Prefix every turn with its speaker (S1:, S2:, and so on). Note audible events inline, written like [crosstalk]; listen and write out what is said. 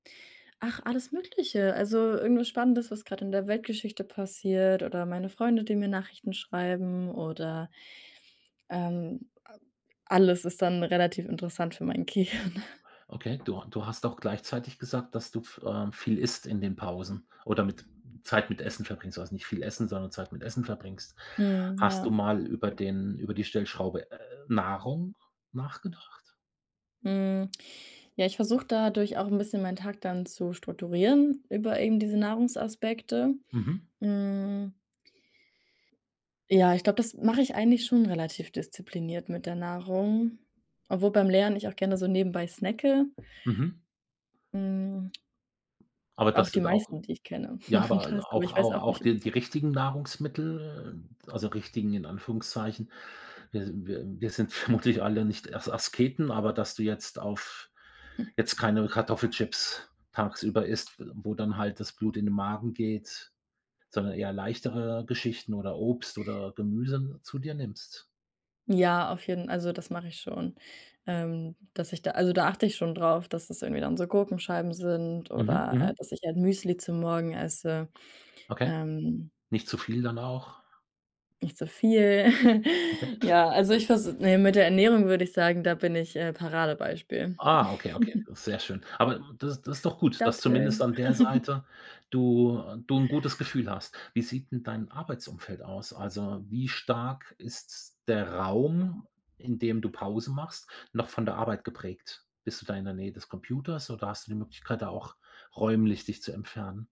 S1: Ach, alles Mögliche. Also, irgendwas Spannendes, was grad in der Weltgeschichte passiert oder meine Freunde, die mir Nachrichten schreiben oder ähm, a alles ist dann relativ interessant für mein Gehirn.
S2: Okay, du du hast auch gleichzeitig gesagt, dass du f ähm, viel isst in den Pausen oder mit Zeit mit Essen verbringst. Also, nicht viel Essen, sondern Zeit mit Essen verbringst.
S1: Mhm,
S2: Hast du
S1: ja.
S2: mal über den über die Stellschraube, äh, Nahrung nachgedacht?
S1: Hm. Ja, ich versuche dadurch auch 'n bisschen meinen Tag dann zu strukturieren über eben diese Nahrungsaspekte.
S2: Mhm.
S1: Hm Ja, ich glaube, das mache ich eigentlich schon relativ diszipliniert mit der Nahrung, obwohl beim Lernen ich auch gerne so nebenbei snacke.
S2: Mhm.
S1: Hm.
S2: Aber
S1: Auch
S2: das
S1: die
S2: sind auch
S1: meisten, die ich kenne,
S2: ja,
S1: machen
S2: aber a
S1: das, aber
S2: auch
S1: ich weiß
S2: au
S1: auch
S2: auch
S1: nicht.
S2: die die
S1: [unintelligible]
S2: richtigen Nahrungsmittel, also, richtigen in Anführungszeichen. Wir s wir wir sind vermutlich alle nicht Ers Asketen, aber dass du jetzt auf
S1: M
S2: jetzt keine Kartoffelchips tagsüber isst, wo dann halt das Blut in den Magen geht, sondern eher leichtere Geschichten oder Obst oder Gemüse zu dir nimmst?
S1: Ja, auf jeden also, das mache ich schon, ähm, dass ich da also, da achte ich schon drauf, dass es irgendwie dann so Gurkenscheiben sind
S2: Mhm,
S1: oder, äh,
S2: mhm.
S1: dass ich halt Müsli zu morgen esse.
S2: Okay,
S1: Ähm
S2: nicht zu viel dann auch.
S1: Nicht zu viel.
S2: Okay.
S1: [chuckles] Ja, also, ich vers ne, mit der Ernährung würde ich sagen, da bin ich, äh, Paradebeispiel.
S2: Ah, okay, okay,
S1: [chuckles]
S2: sehr schön. Aber m das ist das ist doch gut, dass zumindest
S1: Datteln.
S2: an der
S1: [giggles]
S2: Seite du du 'n gutes Gefühl hast. Wie sieht 'n dein Arbeitsumfeld aus? Also, wie stark ist s der Raum, in dem du Pause machst, noch von der Arbeit geprägt? Bist du da in der Nähe des Computers oder hast du die Möglichkeit, da auch räumlich dich zu entfernen?